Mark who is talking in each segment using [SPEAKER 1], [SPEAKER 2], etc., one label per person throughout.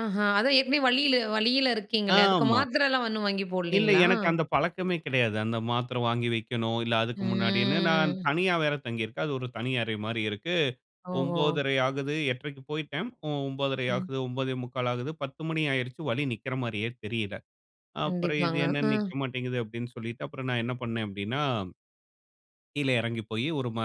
[SPEAKER 1] ஆஹா, அதான் எப்டி வழியில வழியில இருக்கீங்கள! அதுக்கு
[SPEAKER 2] ஆமா.
[SPEAKER 1] மாத்திரைலாம் ஒண்ணும் வாங்கி
[SPEAKER 2] இல்ல,
[SPEAKER 1] போடலைங்களா?
[SPEAKER 2] எனக்கு அந்த பழக்கமே கிடையாது. அந்த மாத்திர வாங்கி வக்கணும். இல்ல அதுக்கு முன்னாடின்னு நான்
[SPEAKER 1] ம்.
[SPEAKER 2] தனியா வேற தங்கியிருக்கேன். அது ஒரு தனி அறை மாரி இருக்கு.
[SPEAKER 1] ஓஹோ!
[SPEAKER 2] 9:30 ஆகுது. 8:30க்கு போயிட்டேன். ம் 9:30
[SPEAKER 1] ம்.
[SPEAKER 2] ஆகுது, 9:45 ஆகுது 10 மணி ஆயிருச்சு. வழி நிக்குற மாரியே தெரியல. அப்புறம் இது
[SPEAKER 1] கண்டிப்பாங்க.
[SPEAKER 2] என்ன
[SPEAKER 1] ம்.
[SPEAKER 2] நிக்க மாட்டேங்குது அப்டின்னு சொல்லிட்டு அப்பறம் நான் என்ன பண்னேன் அப்டின்னா, கீழ இறங்கி போய் ஒரு ம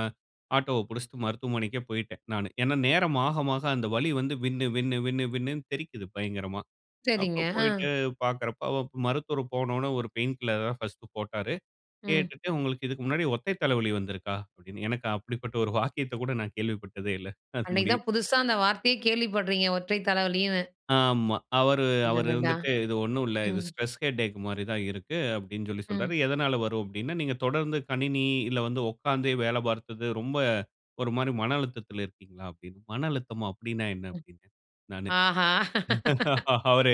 [SPEAKER 2] ஆட்டோவ பிடிச்சுட்டு மருத்துவமனைக்கே போயிட்டேன் நானு. ஏனா, நேரம் மாக, மாக அந்த வலி வந்து வின்னு, வின்னு, வின்னு, வின்னுனு தெறிக்கிது பயங்கரமா.
[SPEAKER 1] சரிங்க.
[SPEAKER 2] அப்போ
[SPEAKER 1] அ.
[SPEAKER 2] போயிட்டு பாக்கறப்போ, அவருக்கு மருத்துவர் போன உடனே ஒரு பெயின் கில்லர் தான் ஃபர்ஸ்ட் போட்டாரு.
[SPEAKER 1] ம்.
[SPEAKER 2] கேட்டுட்டு "உங்களுக்கு இதுக்கு முன்னாடி ஒற்றை தலைவலி வந்திருக்கா?" அப்படின்னு, எனக்கு அப்படிப்பட்ட ஒரு வாக்கியத்த கூட நான் கேள்விப்பட்டதே இல்ல. அது
[SPEAKER 1] அன்னைக்கு
[SPEAKER 2] முடியும்.
[SPEAKER 1] தான் புதுசா அந்த வார்த்தையே கேள்விப்பட்றீங்க "ஒற்றை தலைவலின்னு."
[SPEAKER 2] ஆமா. அவரு அவரு
[SPEAKER 1] அடடா!
[SPEAKER 2] வந்துட்டு, "இது ஒண்ணும் இல்ல. இது
[SPEAKER 1] ம்.
[SPEAKER 2] ஸ்ட்ரெஸ் ஹெடேக் மாரி தான் இருக்கு." அப்டின்னு சொல்லி சொல்றார்.
[SPEAKER 1] ம்.
[SPEAKER 2] "எதனால வரும்?" அப்டின்னா, "நீங்க தொடர்ந்து கணினி, இல்ல வந்து உட்கார்ந்தே வேலை பார்த்தது, ரொம்ப ஒரு மாரி மன அழுத்தத்துல இருக்கீங்களா?" அப்டின்னு "மன அழுத்தமா அப்டின்னா என்ன?"
[SPEAKER 1] ம்.
[SPEAKER 2] அப்டினே நானு.
[SPEAKER 1] ஆஹா!
[SPEAKER 2] அவரு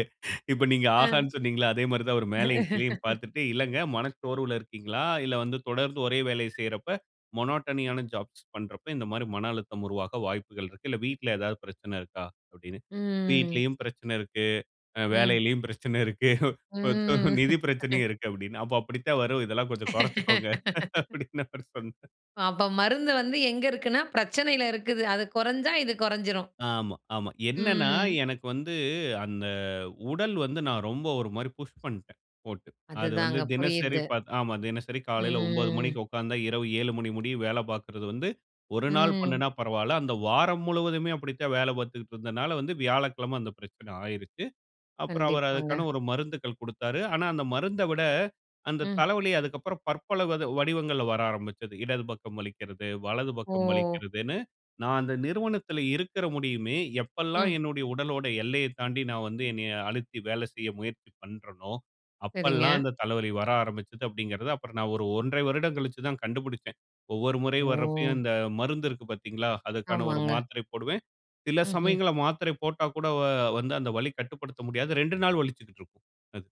[SPEAKER 2] இப்ப நீங்க
[SPEAKER 1] ம்.
[SPEAKER 2] "ஆகான்னு" சொன்னீங்கள்ள, அதே மாரி தான் அவர் மேலேயும், கீழேயும் பார்த்துட்டு, "இல்லங்க மனச்சோர்வுல இருக்கீங்களா? இல்ல வந்து தொடர்ந்து ஒரே வேலைய செய்றப்ப மோனோட்டனியான ஜாப்ஸ் பண்றப்ப இந்த மாரி மன அழுத்தம் உருவாக வாய்ப்புகள் இருக்கு. இல்ல வீட்ல ஏதாவது பிரச்சன இருக்கா?" அப்டினு.
[SPEAKER 1] ம்.
[SPEAKER 2] "வீட்லயும் பிரச்சன இருக்கு. அ
[SPEAKER 1] ம்.
[SPEAKER 2] வேலையிலும் பிரச்சன இருக்கு. கொஞ்சம்
[SPEAKER 1] ம்.
[SPEAKER 2] நிதி பிரச்சனையும் இருக்கு." "அப்டின்னா, அப்ப அப்படித்தான் வரும். இதெல்லாம் கொஞ்சம் கொறச்சுக்கோங்க." அப்டின்னு அவரு சொன்னார்.
[SPEAKER 1] அப்ப மருந்து வந்து எங்க இருக்குன்னா, பிரச்சனையில இருக்குது. அது கொறஞ்சா, இது கொறஞ்சுரும்.
[SPEAKER 2] ஆமா, ஆமா. என்னென்னா
[SPEAKER 1] ம்.
[SPEAKER 2] எனக்கு வந்து, அந்த உடல் வந்து, நான் ரொம்ப ஒரு மாரி புஷ் பண்டேன் போட்டு. அது வந்து
[SPEAKER 1] அதுதாங்க
[SPEAKER 2] தினசரி
[SPEAKER 1] புரியுது.
[SPEAKER 2] பாத் ஆமா, தினசரி காலையில 9:00க்கு
[SPEAKER 1] ம்.
[SPEAKER 2] உட்கார்ந்தா இரவு 7:00 மணி முடிய வேலை பார்க்கிறது வந்து, ஒரு நாள்
[SPEAKER 1] ம்.
[SPEAKER 2] பண்ணுனா பரவால்ல. அந்த வாரம் முழுவதுமே அப்டித்தான் வேலை பார்த்துட்டு இருந்ததுனால வந்து, வியாழக்கிழமை அந்த பிரச்சனை ஆயிருச்சு. அப்பறம் அவர்
[SPEAKER 1] கண்டிப்பாங்க.
[SPEAKER 2] அதுக்கான ஒரு மருந்துகள் குடுத்தாரு. ஆனா, அந்த மருந்த விட, அந்த
[SPEAKER 1] ம்.
[SPEAKER 2] தலைவலி அதுக்கப்பறம் பற்பல வத வடிவங்கள்ல வர ஆரம்பிச்சது. இடது பக்கம் வலிக்கிறது, வலது பக்கம்
[SPEAKER 1] ஓ!
[SPEAKER 2] வலிக்கிறதுன்னு நான் அந்த நிறுவனத்தில இருக்கிற முடியுமே எப்பெல்லாம்
[SPEAKER 1] ம்.
[SPEAKER 2] என்னுடைய உடலோட எல்லையைத் தாண்டி நான் வந்து என்னைய அழுத்தி வேலை செய்ய முயற்சி பண்றனோ,
[SPEAKER 1] சரிங்க.
[SPEAKER 2] அப்பெல்லாம் அந்த தலைவலி வர ஆரம்பிச்சது அப்டிங்கறத அப்புறம் நான் ஒரு 1 1/2 வருடம் கழிச்சு தான் கண்டுபிடிச்சேன். ஒவ்வொரு முறை வர்றப்பயும்,
[SPEAKER 1] ஓ!
[SPEAKER 2] இந்த மருந்து இருக்கு பாத்தீங்களா? அதுக்கான ஒரு
[SPEAKER 1] ஆமாங்க.
[SPEAKER 2] மாத்திரை போடுவேன். சில
[SPEAKER 1] ம்ஹ்ம்.
[SPEAKER 2] சமயங்கள்ல மாத்திரை போட்டா கூட அ வந்து, அந்த வலி கட்டுப்படுத்த முடியாது. 2 நாள் வலிச்சுக்கிட்டு இருக்கும் அது.